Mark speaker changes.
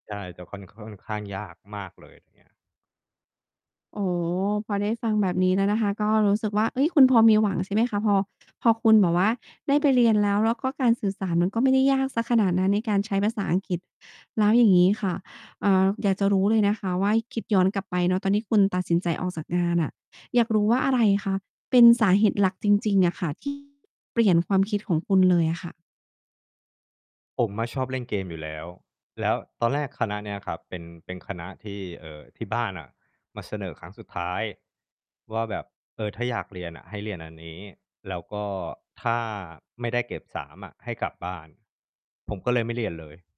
Speaker 1: ใช่ แต่คอน ค่อนข้างยากมากเลย อย่างเงี้ย
Speaker 2: อ๋อ พอได้ฟังแบบนี้แล้วนะคะ ก็รู้สึกว่า เฮ้ย คุณพอมีหวัง ใช่ไหมคะ พอ พอคุณแบบว่าได้ไปเรียนแล้ว แล้วก็การสื่อสารมันก็ไม่ได้ยากเสียขนาดนั้น ในการใช้ภาษาอังกฤษ แล้วอย่างงี้ค่ะ เอ่อ อยากจะรู้เลยนะคะว่า คิดย้อนกลับไปเนาะ ตอนที่คุณตัดสินใจออกจากงานน่ะ อยากรู้ว่า อะไรคะ เป็นสาเหตุหลักจริง ๆ อะค่ะ ที่ เปลี่ยนความคิดของคุณเลยอะค่ะ?
Speaker 1: ผมอะชอบเล่นเกมอยู่แล้ว แล้วตอนแรกคณะเนี้ยครับ เป็น เป็นคณะที่ เอ่อ ที่บ้านน่ะมาเสนอครั้งสุดท้ายว่าแบบ เออ ถ้าอยากเรียนน่ะให้เรียนอันนี้ แล้วก็ถ้าไม่ได้เกรด 3 อะ ให้กลับบ้าน ผมก็เลยไม่เรียนเลย